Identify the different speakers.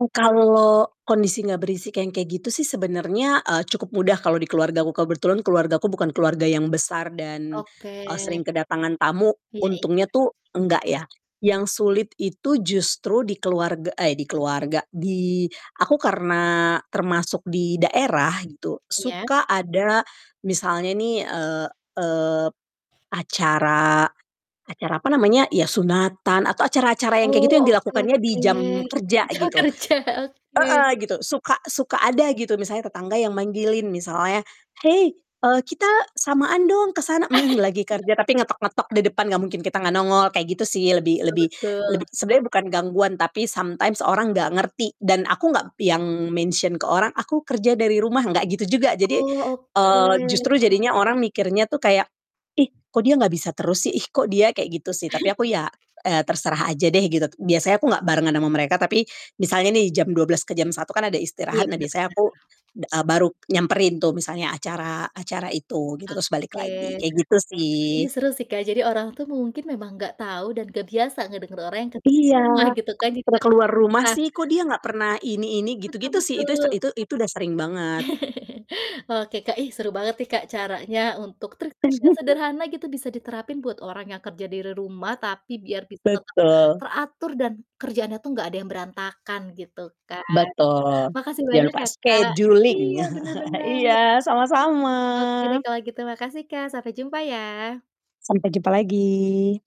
Speaker 1: Oh, kalau kondisinya berisik yang kayak gitu sih sebenarnya, eee, cukup mudah kalau di keluargaku. Kebetulan keluargaku bukan keluarga yang besar dan, eee,
Speaker 2: Oke.
Speaker 1: sering kedatangan tamu,
Speaker 2: Iya iya.
Speaker 1: untungnya tuh nggak, ya. Yang sulit itu justru di keluarga eh, di keluarga, di aku karena termasuk di daerah gitu,
Speaker 2: Iya.
Speaker 1: suka ada misalnya nih, eee eee, p acara acara apa namanya, ya sunatan, atau acara-acara yang kayak gitu
Speaker 2: Oh,
Speaker 1: yang
Speaker 2: oke
Speaker 1: dilakukannya di
Speaker 2: oke
Speaker 1: jam kerja
Speaker 2: jam
Speaker 1: gitu.
Speaker 2: kerja, oke.
Speaker 1: Heeh, gitu, suka suka ada gitu misalnya tetangga yang manggilin misalnya, "Hei, eee kita samaan dong ke sana!" Mmm, lagi kerja tapi ngetok-ngetok di depan, nggak mungkin kita gak nongol kayak gitu sih. Lebih
Speaker 2: Betul
Speaker 1: lebih lebih
Speaker 2: betul.
Speaker 1: sebenernya bukan gangguan tapi sometimes orang nggak ngerti dan aku nggak yang mention ke orang, "Aku kerja dari rumah." Nggak gitu juga. Jadi,
Speaker 2: Oh,
Speaker 1: eee, justru
Speaker 2: oke.
Speaker 1: jadinya orang mikirnya tuh kayak, "Ih, kok dia nggak bisa terus sih? Ih, kok dia kayak gitu sih?" Tapi aku ya, eee, terserah aja deh gitu. Biasanya aku nggak barengan ama mereka, tapi misalnya nih jam 12 ke jam 1 kan ada istirahat.
Speaker 2: Iya,
Speaker 1: Nah
Speaker 2: bener
Speaker 1: biasanya
Speaker 2: bener.
Speaker 1: aku da eee, baru nyamperin tuh misalnya acara acara itu, gitu, terus balik
Speaker 2: Oke.
Speaker 1: lagi. Kayak gitu, sih.
Speaker 2: Ini seru sih Kak, jadi orang tuh mungkin memang nggak tahu dan nggak biasa ngedenger orang yang kerja di
Speaker 1: Iya.
Speaker 2: rumah gitu kan, jadi
Speaker 1: "Udah
Speaker 2: agak
Speaker 1: keluar rumah
Speaker 2: susah.
Speaker 1: sih kok dia nggak pernah ini ini?"
Speaker 2: Betul
Speaker 1: Gitu-gitu sih, itu se
Speaker 2: betul.
Speaker 1: itu itu udah sering banget.
Speaker 2: Oke, Kak. Ih, seru banget nih Kak caranya untuk trik-trik yang sederhana gitu, bisa diterapin buat orang yang kerja di re rumah tapi biar bisa tetap
Speaker 1: Betul.
Speaker 2: teratur dan kerjaannya tuh nggak ada yang berantakan gitu kan.
Speaker 1: Betul.
Speaker 2: Makasih
Speaker 1: Jangan
Speaker 2: banyak
Speaker 1: lupa
Speaker 2: ya Kak,
Speaker 1: scheduling.
Speaker 2: iya, bener bener.
Speaker 1: Iya, sama-sama.
Speaker 2: Oke, deh, kalau gitu. Makasih, Kak, sampai jumpa, ya.
Speaker 1: Sampai jumpa lagi.